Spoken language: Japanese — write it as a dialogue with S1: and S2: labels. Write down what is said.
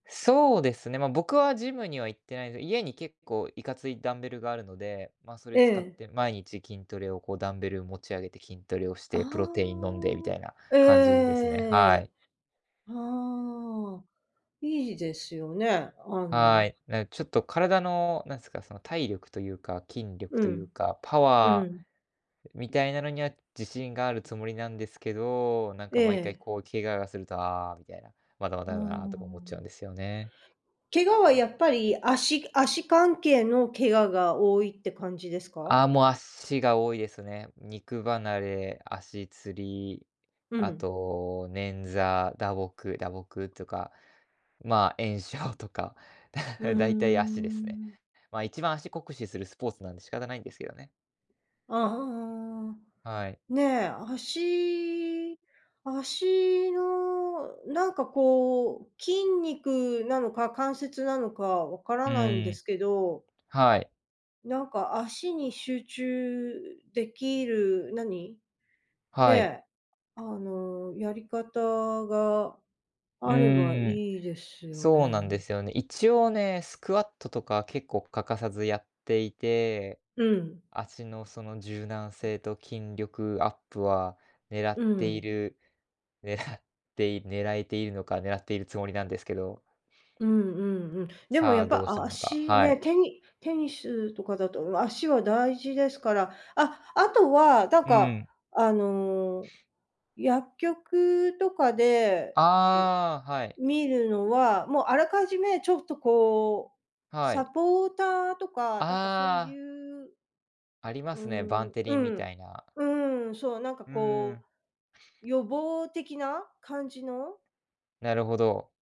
S1: そうですね、まあ、僕はジムには行ってないんで、家に結構いかついダンベルがあるので、ま、それ
S2: え
S1: 使っ
S2: え。
S1: て毎日筋トレをこうダンベルを持ち上げて、筋トレをし
S2: あ
S1: て、プロテイン飲んでみた
S2: あ。
S1: いな
S2: えええ
S1: 感じですね、
S2: ええ
S1: は
S2: え。
S1: い。
S2: ああ、いいですよね。あ
S1: は
S2: の。
S1: い、な、ちょっと体のなんですか、その体力というか、筋力
S2: う
S1: という
S2: ん、
S1: か、パ
S2: う
S1: ワ
S2: ん。
S1: ーみたいなのには自信があるつもりなんですけど、なん
S2: え
S1: か毎回
S2: え。
S1: こう怪我がするとああ、みたいな、まだま
S2: う
S1: だだなとか思っちゃうんで
S2: ん。
S1: すよね。
S2: 怪我はやっぱり足足関係の怪我が多いって感じです
S1: あ
S2: か？
S1: あ、もう足が多いですね。肉離れ、足攣り、
S2: う
S1: あ
S2: ん。
S1: と捻挫、打撲、打撲というか、まあ、炎症とか、
S2: うー
S1: 大体足ですね。
S2: ん。
S1: まあ、一番足酷使するスポーツなんで仕方ないんですけどね。
S2: ああ、あ。
S1: はい。
S2: ねえ、足、足のなんかこう、筋肉なのか、関節なのか分から
S1: う
S2: ないんで
S1: ん。
S2: すけど。
S1: はい。
S2: なんか足に集中できる、何、ね
S1: はい。
S2: え、あの、やり方が
S1: う
S2: あれば
S1: ん。
S2: いいですよ
S1: そうなん
S2: ね。
S1: ですよね。一応ね、スクワットとか結構欠かさずやっていて、
S2: うん。
S1: 足のその柔軟性と筋力アップは狙っ
S2: う
S1: てい
S2: ん。
S1: る、狙ってい狙えているのか、狙っているつもりなんですけど。
S2: うんうんうん。でも
S1: さ
S2: やっ
S1: あ、ど
S2: ぱ
S1: うしたものか。
S2: 足
S1: は
S2: ね、
S1: い。
S2: テニテニスとかだと足は大事ですから、あ、あとはなん
S1: う
S2: か、
S1: ん。
S2: あの、薬局とかで、
S1: ああ、はい。
S2: ん、見るのは、もうあらかじめちょっとこう、
S1: はい。
S2: サポーターとか、なんかそう
S1: ああ。
S2: いう
S1: ありま
S2: う
S1: すね、ヴァ
S2: ん
S1: ンテ
S2: う
S1: リンみた
S2: ん、
S1: いな。
S2: うん、そう、なんか
S1: う
S2: こ
S1: ん。
S2: う、予防的な感じの。
S1: なるほど。